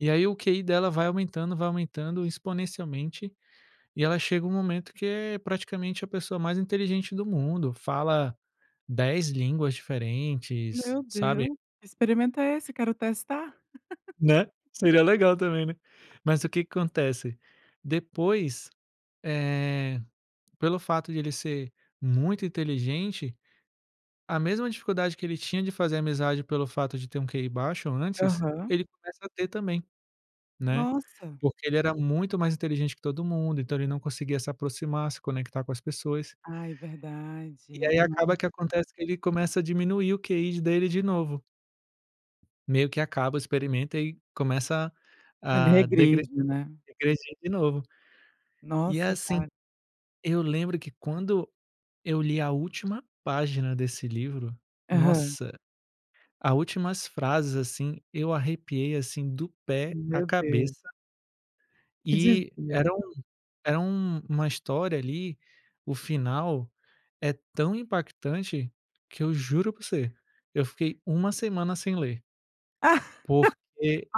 E aí o QI dela vai aumentando, vai aumentando exponencialmente, e ela chega um momento que é praticamente a pessoa mais inteligente do mundo, fala 10 línguas diferentes, Meu sabe. Deus, experimenta esse, quero testar. Né, seria legal também, né. Mas o que que acontece, depois, eh, pelo fato de ele ser muito inteligente, a mesma dificuldade que ele tinha de fazer amizade pelo fato de ter um QI baixo antes, Aham. ele começa a ter também, né, Nossa. porque ele era muito mais inteligente que todo mundo, então ele não conseguia se aproximar, se conectar com as pessoas Ai e verdade, aí, acaba nossa. que acontece que ele começa a diminuir o QI dele de novo meio que acaba o experimento, e começa Ele a degre regride, né. degredir de novo. E, é, Nossa, assim, cara. eu lembro que Ah. quando eu li a última página desse livro, Aham. nossa, a últimas frases, assim, eu arrepiei, assim, do pé à Meu deus. cabeça Que e dizia? era um era uma história ali, o final, é tão impactante que eu juro pra você, eu fiquei uma semana sem ler porque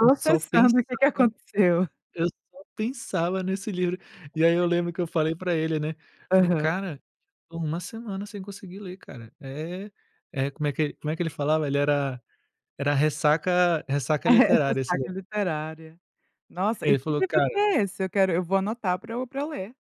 eu só pensava sabe o que que aconteceu? eu só pensava nesse livro. E aí eu [unintelligible] lembro que eu falei para ele, né, falei: Aham. "Cara, estou uma semana sem conseguir ler, cara". É. Eh, como é que ele como é que ele falava? Ele era era ressaca ressaca É, é literária esse daí. ressaca literária. Nossa, e Ele que falou: livro "Cara" que é esse? Eu quero, eu vou anotar pra eu pra eu ler.